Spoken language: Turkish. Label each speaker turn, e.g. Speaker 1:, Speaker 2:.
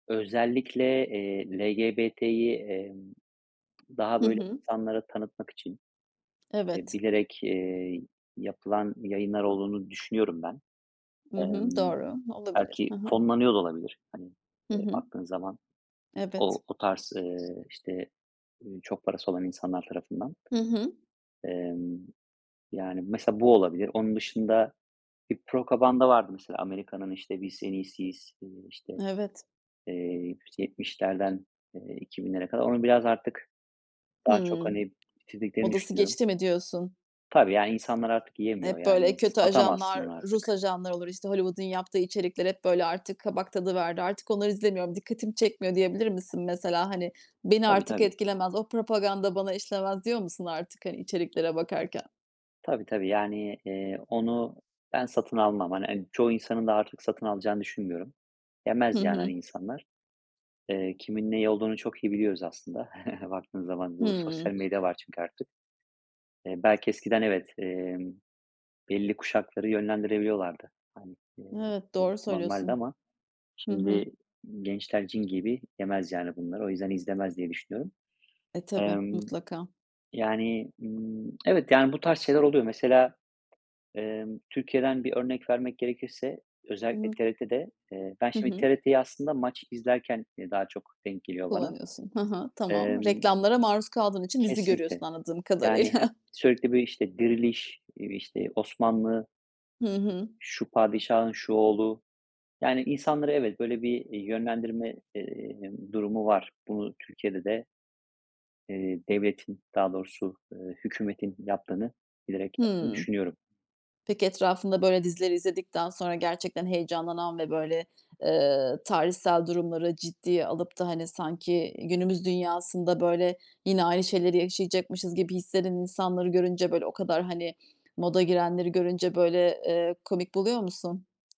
Speaker 1: Özellikle, eee, LGBT'yi, emm, daha
Speaker 2: Hı
Speaker 1: böyle
Speaker 2: hı.
Speaker 1: insanlara tanıtmak için, e,
Speaker 2: Evet.
Speaker 1: bilerek, eee, yapılan yayınlar olduğunu düşünüyorum, ben.
Speaker 2: Hı hı,
Speaker 1: Imm,
Speaker 2: doğru. Olabilir.
Speaker 1: belki
Speaker 2: Hı hı.
Speaker 1: fonlanıyor da olabilir. Hani,
Speaker 2: Hı
Speaker 1: ııı,
Speaker 2: hı.
Speaker 1: baktığın zaman;
Speaker 2: Evet.
Speaker 1: o o tarz, ııı, işte çok parası olan insanlar tarafından.
Speaker 2: Hı hı.
Speaker 1: Emm, yani, mesela bu olabilir. Onun dışında bir propaganda vardı mesela; Amerika'nın işte biz en iyisiyiz, eee, işte
Speaker 2: Evet.
Speaker 1: 70'lerden eee, 2000'lere kadar. Onu biraz artık, daha çok
Speaker 2: Hımm,
Speaker 1: hani, bitirdiklerini
Speaker 2: modası
Speaker 1: düşünüyorum.
Speaker 2: geçti mi diyorsun?
Speaker 1: Tabii, yani, insanlar artık yemiyor,
Speaker 2: Hep böyle
Speaker 1: yani.
Speaker 2: kötü
Speaker 1: Satamazsın
Speaker 2: ajanlar,
Speaker 1: onu
Speaker 2: Rus
Speaker 1: artık.
Speaker 2: ajanlar olur, işte Hollywood'un yaptığı içerikler; hep böyle artık kabak tadı verdi. Artık onları izlemiyorum, dikkatimi çekmiyor diyebilir misin mesela? Hani beni
Speaker 1: Tabii,
Speaker 2: artık
Speaker 1: tabii.
Speaker 2: etkilemez, o propaganda bana işlemez, diyor musun artık, hani içeriklere bakarken?
Speaker 1: Tabii, tabii. Yani, eee, onu ben satın almam. Hani, çoğu insanın da artık, satın alacağını düşünmüyorum.
Speaker 2: Hı
Speaker 1: Yemez, yani, hani
Speaker 2: hı.
Speaker 1: insanlar. Eee, kimin neyi olduğunu çok iyi biliyoruz, aslında. Baktığın zaman, bu
Speaker 2: Hıı.
Speaker 1: sosyal medya var, çünkü artık. Eee, belki eskiden evet, emm, belli kuşakları yönlendirebiliyorlardı. Hani, iii,
Speaker 2: Evet,
Speaker 1: bu
Speaker 2: doğru
Speaker 1: normaldi
Speaker 2: söylüyorsun.
Speaker 1: ama
Speaker 2: Hı
Speaker 1: şimdi
Speaker 2: hı.
Speaker 1: gençler cin gibi, yemez yani bunları. O yüzden izlemez diye, düşünüyorum.
Speaker 2: E, tabii,
Speaker 1: Imm,
Speaker 2: mutlaka.
Speaker 1: yani, ımm, evet, yani, bu tarz şeyler oluyor. Mesela, emm, Türkiye'den bir örnek vermek gerekirse; özellikle TRT'de, eee, ben
Speaker 2: [unintelligible] Hı
Speaker 1: şimdi
Speaker 2: hı.
Speaker 1: TRT'yi; aslında maç izlerken daha çok, denk geliyor bana.
Speaker 2: Kullanıyorsun. Hı hı. Tamam.
Speaker 1: Emm,
Speaker 2: Reklamlara maruz kaldığın için, dizi
Speaker 1: kesinlikle.
Speaker 2: görüyorsun, anladığım
Speaker 1: Yani her
Speaker 2: kadarıyla.
Speaker 1: sürekli böyle işte Diriliş, işte Osmanlı,
Speaker 2: Hı hı.
Speaker 1: işte şu padişahın şu oğlu, yani, insanları evet, böyle bir, iii, yönlendirme, eee, durumu var. Bunu Türkiye'de de eee, devletin, daha doğrusu, ııı, hükümetin yaptığını, bilerek yaptığını
Speaker 2: Hıı.
Speaker 1: düşünüyorum.
Speaker 2: Peki, etrafında böyle dizileri izledikten sonra, gerçekten heyecanlanan ve böyle, eee, tarihsel durumları ciddiye alıp da hani, sanki günümüz dünyasında böyle yine aynı şeyleri yaşayacakmışız gibi hislenen insanları görünce, böyle o kadar hani, moda girenleri görünce, böyle, eee, komik buluyor musun?